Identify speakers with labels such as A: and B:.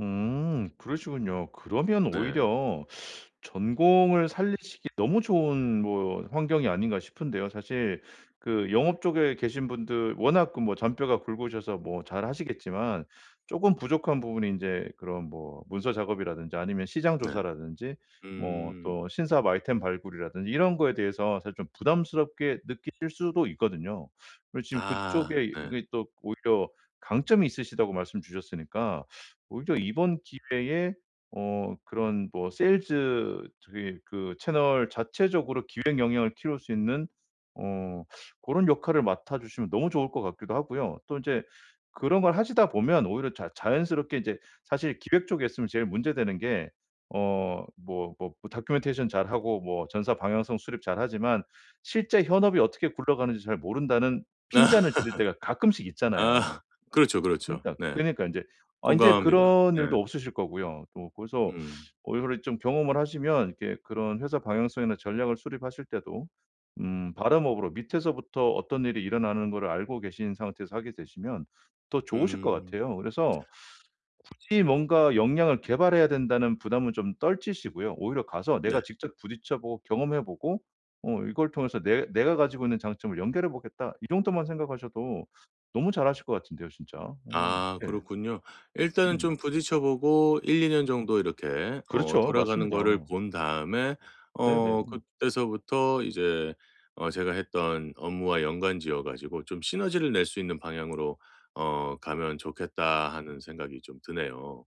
A: 음. 그러시군요. 그러면
B: 네.
A: 오히려 전공을 살리시기 너무 좋은 뭐 환경이 아닌가 싶은데요. 사실 그 영업 쪽에 계신 분들 워낙 그 뭐 잔뼈가 굵으셔서 뭐 잘 하시겠지만 쪼금 부족한 부분이 인제 그런 뭐 문서 작업이라든지 아니면 시장
B: 네.
A: 조사라든지 뭐
B: 음.
A: 또 신사업 아이템 발굴이라든지 이런 거에 대해서 사실 좀 부담스럽게 느끼실 수도 있거든요. 그리고 지금
B: 아.
A: 그쪽에
B: 네.
A: 이게 또 오히려 강점이 있으시다고 말씀 주셨으니까 오히려 이번 기회에 어 그런 뭐 세일즈 저기 그 채널 자체적으로 기획 역량을 키울 수 있는 어 고런 역할을 맡아주시면 너무 좋을 것 같기도 하고요. 또 이제 그런 걸 하시다 보면 오히려 자 자연스럽게 이제 사실 기획 쪽에 있으면 제일 문제 되는 게 어 뭐 뭐 뭐 다큐멘테이션 잘하고 뭐 전사 방향성 수립 잘하지만 실제 현업이 어떻게 굴러가는지 잘 모른다는 핀잔을 들을 때가 가끔씩 있잖아요.
B: 아 그렇죠, 그렇죠.
A: 그니까
B: 네.
A: 그러니까 인제 아 인제
B: 공감합니다.
A: 그런
B: 네.
A: 일도 없으실 거고요. 또 그래서
B: 음.
A: 어 이거를 좀 경험을 하시면 이렇게 그런 회사 방향성이나 전략을 수립하실 때도 음 바텀업으로 밑에서부터 어떤 일이 일어나는 거를 알고 계신 상태에서 하게 되시면 더 좋으실 것
B: 음.
A: 같아요. 그래서 굳이 뭔가 역량을 개발해야 된다는 부담은 좀 떨치시고요. 오히려 가서
B: 네.
A: '내가 직접 부딪혀 보고 경험해 보고 어 이걸 통해서 내 내가 가지고 있는 장점을 연결해 보겠다.' 이 정도만 생각하셔도 너무 잘하실 것 같은데요 진짜. 어.
B: 아
A: 예.
B: 그렇군요. 일단은
A: 음.
B: 좀 부딪혀 보고 1-2 년 정도 이렇게 어
A: 그렇죠.
B: 돌아가는 거를
A: 맞습니다.
B: 본 다음에 어
A: 네네.
B: 그때서부터 이제 어 '제가 했던 업무와 연관 지어 가지고 좀 시너지를 낼 수 있는 방향으로 어 가면 좋겠다.' 하는 생각이 좀 드네요.